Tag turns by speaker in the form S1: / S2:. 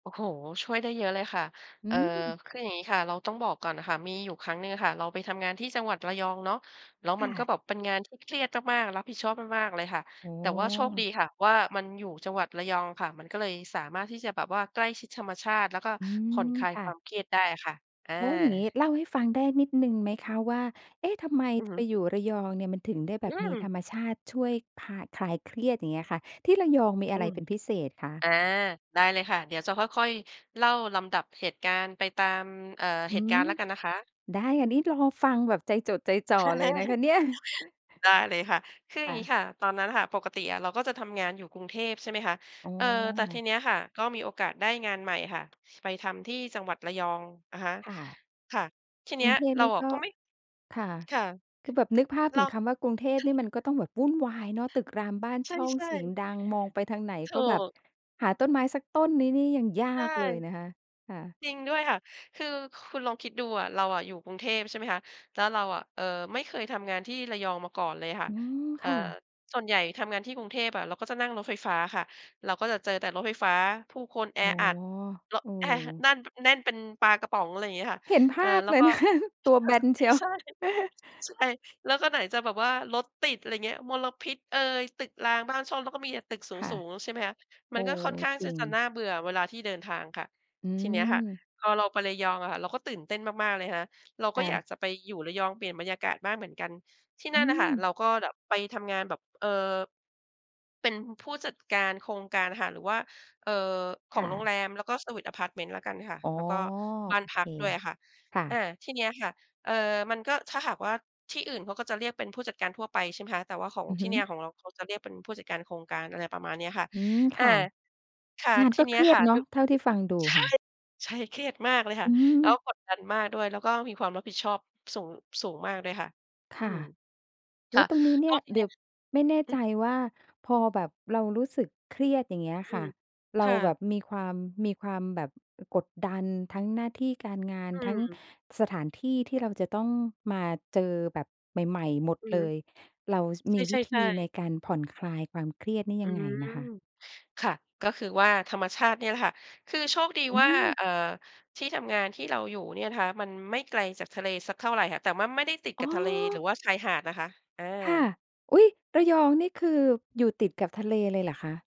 S1: โอ้โฮ ช่วยได้เยอะเลยค่ะ
S2: อื
S1: เอ่อ
S2: ม
S1: คืออย่างงี้ค่ะ เราต้องบอกก่อนน่ะค่ะ มีอยู่ครั้งหนึ่งอะค่ะ เราไปทำงานที่จังหวัดระยองเนาะ แล้ว
S2: ค
S1: มั
S2: ่
S1: นก็
S2: ะ
S1: แบบเป็นงานที่เครียดมาก ๆ รับผิดชอบมาก ๆ เลยค่ะ
S2: โอ้
S1: แต
S2: โ
S1: ่ว่าโชคด
S2: ฮ!
S1: ีค่ะว่า มันอยู่จังหวัดระยองค่ะ มันก็เลยสามารถที่จะแบบว่าใกล้ชิดธรรมชาติ แล้วก็
S2: อื
S1: ผ่อน
S2: ม
S1: คลาย
S2: ค่
S1: คว
S2: ะ
S1: ามเครียดได้อะค่ะ อา
S2: โอ้ อย่างงี้เล่าให้ฟังได้นิดหนึ่งไหมคะว่า เอ๊ะ ทำไม
S1: อือฮ
S2: ไ
S1: ึ
S2: ปอยู่ระยองเนี่ย มันถึงได้แบ
S1: อื
S2: บมี
S1: ม
S2: ธรรมชาติช่วยคลาย คลายเครียดอย่างเงี้ยค่ะ ที่ระยองมี
S1: อ
S2: อะ
S1: ื
S2: ไร
S1: ม
S2: เป็นพิเศษคะ?
S1: อา ได้เลยค่ะ เดี๋ยวจะค่อย ๆ เล่าลำดับเหตุการณ์ไปตาม เอ่อ
S2: อื
S1: เหตุก
S2: ม
S1: ารณ์แล้วกันนะคะ
S2: ได้ค่ะ นี่รอฟังแบบใจจดใจจ่อเลยนะคะเนี่ย
S1: ได้เลยค่ะ คืออย
S2: ค
S1: ่า
S2: ่
S1: งงี
S2: ะ
S1: ้ค่ะ ตอนนั้นค่ะ ปกติอะเราก็จะทำงานอยู่กรุงเทพ ใช่ไหมคะ
S2: อ๋อ
S1: เอ่อ แต่ทีเนี้ยค่ะ ก็มีโอกาสได้งานใหม่ค่ะ ไปทำที่จังหวัดระยอง อะฮะ
S2: ค่ะ
S1: ค่ะ ทีเ
S2: ก
S1: นี
S2: ร
S1: ้
S2: ุ
S1: ย
S2: งเทพ
S1: เรา
S2: นี่
S1: อะ
S2: ก็
S1: ก็ไม่
S2: ค่ะ
S1: ค่ะ
S2: คือแบบนึกภาพ
S1: เร
S2: ถึ
S1: า
S2: งคำว่า กรุงเทพ
S1: ใช่
S2: นี่มันก็
S1: ค่ะ
S2: ต้องแบบวุ่นวายเนาะ ตึกรามบ้าน
S1: ใ
S2: ช่อง
S1: ช่
S2: เสียง
S1: ๆ
S2: ดัง มองไปทางไหน
S1: ถ
S2: ก
S1: ู
S2: ็แบบ
S1: ก
S2: หาต้นไม้สักต้นนี้เนี่ยยังย
S1: ใช
S2: า
S1: ่
S2: กเลยนะคะ ค่ะ
S1: จริงด้วยค่ะ คือคุณลองคิดดูอะ เราอะอยู่กรุงเทพ ใช่ไหมคะ แล้วเราอะ เอ่อ ไม่เคยทำงานที่ระยองมาก่อนเลยค่ะ
S2: อืม
S1: เอ
S2: ค
S1: ่อ
S2: ่ะ
S1: ส่วนใหญ่ทำงานที่กรุงเทพอะ เราก็จะนั่งรถไฟฟ้าค่ะ เราก็จะเจอแต่รถไฟฟ้า ผู้คนแอ
S2: อ๋อ
S1: อัด เลาะ
S2: เอ
S1: แอะ
S2: อ
S1: นั่น แน่นเป็นปลากระป๋อง อะไรอย่างเงี้ยค่ะ
S2: เห็นภ
S1: เอ่อ
S2: าพ
S1: แล้
S2: เ
S1: ว
S2: ล
S1: ก
S2: ย
S1: ็
S2: นะ คะ ตัว
S1: ค
S2: แ
S1: ่
S2: บ
S1: ะ ใช
S2: นเช
S1: ่
S2: ียว
S1: ใช่ ใช่ แล้วก็ไหนจะแบบว่ารถติด อะไรเงี้ย มลพิษเอย ตึกรามบ้านช่อง แล้วก็มีแต่ตึกส
S2: ค่ะ
S1: ูง ๆ ใช่ไหมคะ
S2: โ
S1: ม
S2: อ
S1: ัน
S2: ้
S1: ก็ค่อนข้างท
S2: จร
S1: ี่
S2: ิง
S1: จะน่าเบื่อเวลาที่เดินทางค่ะ
S2: อื
S1: ทีเนี้ยค่ะ
S2: ม
S1: พอเราไประยองอะค่ะ เราก็ตื่นเต้นมาก ๆ เลยค่ะ เรา
S2: ค
S1: ก็
S2: ่
S1: อยา
S2: ะ
S1: กจะไปอยู่ระยองเปลี่ยนบรรยากาศบ้างเหมือนกัน ที่
S2: อ
S1: นั
S2: ื
S1: ่นน่ะค่ะ
S2: ม
S1: เราก็แบบไปทำงานแบบ เอ่อ เป็นผู้จัดการโครงการค่ะ หรือว่า เอ่อ ข
S2: ค
S1: อง
S2: ่
S1: โร
S2: ะ
S1: งแรม แล้วก็เซอร์วิซอะพารต์เมนต์แล้วกันค่ะ
S2: อ๋อ
S1: แล้วก็บ้า
S2: โ
S1: น
S2: อ
S1: พ
S2: เค
S1: ักด้วยอะค่ะ
S2: ค่
S1: อ่า
S2: ะ
S1: ที่เนี้ยค่ะ เอ่อ มันก็ ถ้าหากว่าที่อื่นเขาก็จะเรียกเป็นผู้จัดการทั่วไป ใช่ไหมคะ แต่ว่าของ
S2: อือ
S1: ท
S2: ฮ
S1: ี่
S2: ึ
S1: เนี่ย ของเราเขาจะเรียกเป็นผู้จัดการโครงการ อะไรประมาณเนี้ยค่ะ
S2: อืม
S1: อ
S2: ค
S1: ่า
S2: ่ะ
S1: ค่ะ
S2: งาน
S1: ที
S2: ก็
S1: เน
S2: เ
S1: ี้
S2: ค
S1: ย
S2: รีย
S1: ค
S2: ด
S1: ่ะ
S2: เนา
S1: ด
S2: ะ เท่าที่ฟังดู
S1: ใช่
S2: ค่ะ
S1: ใช่ เครียดมากเลยค่
S2: อ
S1: ะ
S2: ื
S1: แล้
S2: ม
S1: วกดดันมากด้วย แล้วก็มีความรับผิดชอบสูง สูงมากด้วยค่ะ
S2: ค
S1: อื
S2: ่ะ
S1: ม
S2: โอ
S1: ค
S2: ้
S1: ่ะ
S2: ตรงนี้เน
S1: ก
S2: ี่
S1: ็
S2: ย
S1: ที
S2: เด
S1: เน
S2: ี
S1: ี
S2: ๋
S1: ้
S2: ย
S1: ย
S2: ว ไม่แน่
S1: อื
S2: ใจ
S1: ม
S2: ว่าพอแบบเรารู้สึกเครียดอย่างเงี้ย
S1: อื
S2: ค่ะ
S1: ม
S2: เร
S1: ค
S2: า
S1: ่
S2: แบ
S1: ะ
S2: บมีความ มีความแบบกดดันทั้งหน้าที่การงาน
S1: อื
S2: ทั้ง
S1: ม
S2: สถานที่ที่เราจะต้องมาเจอแบบใหม่ ๆ หมด
S1: อือ
S2: เล
S1: ฮึ
S2: ย เรา ส
S1: ใ
S2: มีว
S1: ช
S2: ิธ
S1: ่
S2: ี
S1: ๆ
S2: ใน
S1: ๆ
S2: การผ่อนคลายความเครียดนี่
S1: อ
S2: ย
S1: ื
S2: ังไง
S1: ม
S2: นะคะ?
S1: ค่ะ ก็คือว่าธรรมชาติเนี่ยแหละค่ะ คือโชคดี
S2: อื
S1: ว่า
S2: ม
S1: เอ่อ ที่ทำงานที่เราอยู่เนี่ยนะคะ มันไม่ไกลจากทะเลสักเท่าไรค่ะ แต่ว่าไม่ได้ติด
S2: อ
S1: ก
S2: ๋
S1: ับทะเล หรื
S2: อ
S1: อว่าชายหาดนะคะ อ
S2: ค่ะ
S1: า
S2: อุ๊ย ระยองนี่คือ อยู่ติดกับทะเลเลยเหรอคะ?